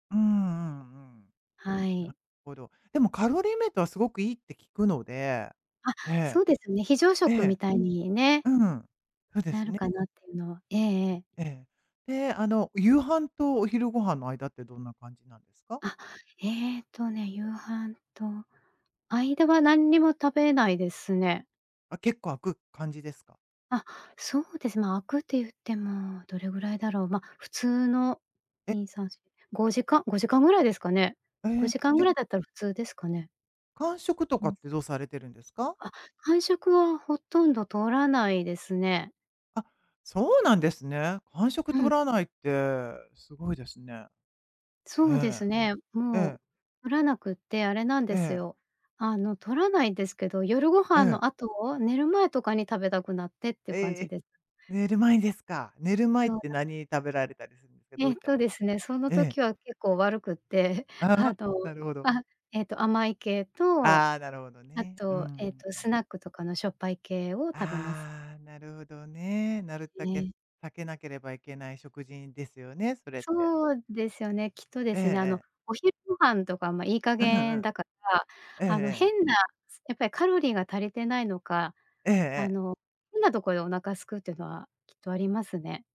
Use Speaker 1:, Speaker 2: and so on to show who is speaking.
Speaker 1: うんうんうんうん。
Speaker 2: はい。
Speaker 1: なほど。でもカロリーメイトはすごくいいって聞くので、
Speaker 2: あ、
Speaker 1: ええ。
Speaker 2: そうですね、非常
Speaker 1: え
Speaker 2: 食み
Speaker 1: え。
Speaker 2: たいにね。
Speaker 1: うん、そうで
Speaker 2: な
Speaker 1: す
Speaker 2: る
Speaker 1: ね。
Speaker 2: かなっていうのは、えええ
Speaker 1: う
Speaker 2: え。
Speaker 1: ん、ええ、で、あの、夕飯とお昼ご飯の間ってどんな感じなんですか？
Speaker 2: あ、ええとね、夕飯と間は、なんにも食べないですね。
Speaker 1: あ、結構、空く感じですか？
Speaker 2: あ、そうです。ま、空くっていってもどれぐらいだろう。ま、普通の
Speaker 1: え。
Speaker 2: 2、3、4、5時間-5時間ぐらいですかね。
Speaker 1: え
Speaker 2: ご
Speaker 1: え、
Speaker 2: じかんぐ
Speaker 1: じゃ
Speaker 2: らいだったら普通ですかね？
Speaker 1: 間食と
Speaker 2: う
Speaker 1: か
Speaker 2: ん。
Speaker 1: ってどうされてるんですか？
Speaker 2: あ、間食はほとんど取らないですね。
Speaker 1: あ、そうなんですね。間食
Speaker 2: う
Speaker 1: 取
Speaker 2: ん。
Speaker 1: らないって、すごいですね。え
Speaker 2: そうで
Speaker 1: え。
Speaker 2: すね、
Speaker 1: え
Speaker 2: もう
Speaker 1: え。
Speaker 2: 取らなくってあれなん
Speaker 1: え
Speaker 2: です
Speaker 1: え。
Speaker 2: よ。あの、取らないですけど、夜ご
Speaker 1: え
Speaker 2: 飯
Speaker 1: え。
Speaker 2: の後、寝る前とかに食べたくなってって
Speaker 1: え
Speaker 2: 感
Speaker 1: ええ
Speaker 2: じ
Speaker 1: え、
Speaker 2: です。
Speaker 1: 寝る前ですか。寝る前っ
Speaker 2: そう
Speaker 1: て
Speaker 2: な
Speaker 1: 何食べられたりするんで、どう
Speaker 2: えっ
Speaker 1: いった
Speaker 2: と
Speaker 1: もの
Speaker 2: ですね、その
Speaker 1: ええ。
Speaker 2: 時は結構悪くって、
Speaker 1: あ
Speaker 2: あ
Speaker 1: あ、
Speaker 2: と、
Speaker 1: なるほど。
Speaker 2: あ、ええと甘い系と、
Speaker 1: ああ、なるほど
Speaker 2: あ
Speaker 1: ね。うーん、
Speaker 2: と、ええと、
Speaker 1: う
Speaker 2: ス
Speaker 1: ん。
Speaker 2: ナックとかのしょっぱい系を食べます。
Speaker 1: ああ、なるほどね。なるたけ
Speaker 2: ね。
Speaker 1: 避けなければいけない食事んですよね、それって。
Speaker 2: そうですよね。きっとで
Speaker 1: ええ
Speaker 2: すね、あ
Speaker 1: え
Speaker 2: の、
Speaker 1: え。
Speaker 2: お昼ご飯とかもいい加
Speaker 1: うんう
Speaker 2: 減
Speaker 1: ん。
Speaker 2: だから、
Speaker 1: えええ
Speaker 2: あの
Speaker 1: え。
Speaker 2: 変なすやっぱりカロリーが足りてないのか、
Speaker 1: ええ
Speaker 2: あ
Speaker 1: ええ。
Speaker 2: の、変なところでお腹空くってのはきっとありますね。